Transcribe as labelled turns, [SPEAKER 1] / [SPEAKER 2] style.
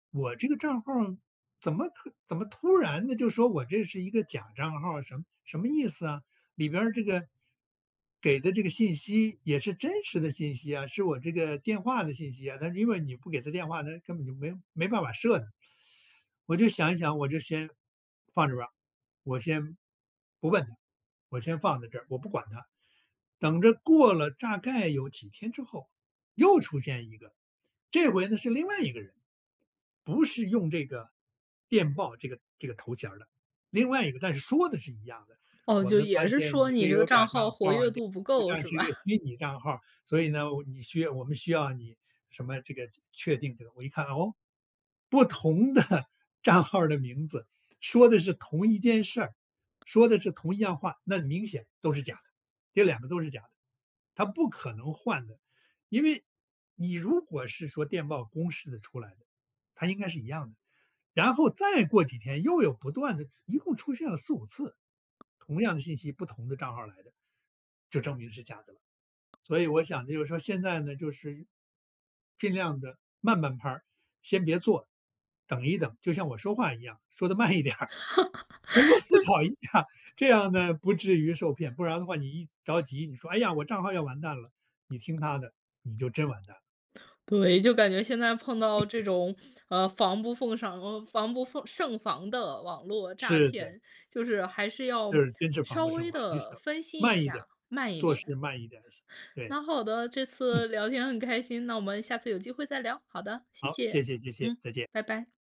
[SPEAKER 1] 我这个账号儿，怎么怎么突然的就说，我这是一个假账号儿，什么什么意思啊？里面儿这个给的这个信息，也是真实的信息啊是我这个电话的信息啊。但是因为你不给它电话，它根本就没没办法设的。我就想一想，我就先放着吧。我先不问它，我先放在这，我不管它。等着过了大概有几天之后，又出现一个。这回呢，是另外一个人，不是用这个电报这个这个头衔儿的。另外一个，但是说的是一样的：
[SPEAKER 2] 哦，
[SPEAKER 1] “我
[SPEAKER 2] 就
[SPEAKER 1] 们发
[SPEAKER 2] 也是
[SPEAKER 1] 现
[SPEAKER 2] 说，
[SPEAKER 1] 你这
[SPEAKER 2] 你这
[SPEAKER 1] 有
[SPEAKER 2] 个
[SPEAKER 1] 假
[SPEAKER 2] 账
[SPEAKER 1] 账
[SPEAKER 2] 号活
[SPEAKER 1] 号，
[SPEAKER 2] 跃
[SPEAKER 1] 你
[SPEAKER 2] 度不
[SPEAKER 1] 实际
[SPEAKER 2] 够，
[SPEAKER 1] 上
[SPEAKER 2] 是
[SPEAKER 1] 是一个
[SPEAKER 2] 吧？
[SPEAKER 1] 虚拟账号。所以呢，你需要我们需要你什么这个确定这个。”我一看，哦，不同的账号的名字，说的是同一件事儿说的是同一样话，那明显都是假的。这2个都是假的，它不可能换的。因为你如果是说，电报公示的出来的，它应该是一样的。然后再过几天又有不断的一共出现了4、5次，同样的信息，不同的账号来的。就证明是假的了。所以我想，就是说现在呢就是，尽量地慢半拍儿，先别做，等一等。就像我说话一样，说得慢一点儿。能够思
[SPEAKER 2] 对。
[SPEAKER 1] 考一下，这样呢，不至于受骗。不然的话你一着急，你说：“哎呀，我账号要完蛋了。”你听他的，你就真完蛋了。
[SPEAKER 2] 对，就感觉现在碰到这 种，啊，防不胜防防不胜防的网络诈
[SPEAKER 1] 是的。
[SPEAKER 2] 骗，就是，还是
[SPEAKER 1] 就
[SPEAKER 2] 要
[SPEAKER 1] 是真是防
[SPEAKER 2] 稍
[SPEAKER 1] 不胜
[SPEAKER 2] 微
[SPEAKER 1] 防。你
[SPEAKER 2] 地
[SPEAKER 1] 想，
[SPEAKER 2] 分析一
[SPEAKER 1] 慢一点，
[SPEAKER 2] 下，慢一
[SPEAKER 1] 做事
[SPEAKER 2] 点。
[SPEAKER 1] 慢一点，对。
[SPEAKER 2] 那好的，这
[SPEAKER 1] 嗯。
[SPEAKER 2] 次聊天很开心，那我们下次有机会再聊。好的，谢
[SPEAKER 1] 好，谢
[SPEAKER 2] 谢，
[SPEAKER 1] 谢谢谢，
[SPEAKER 2] 嗯，
[SPEAKER 1] 再见。
[SPEAKER 2] 拜拜。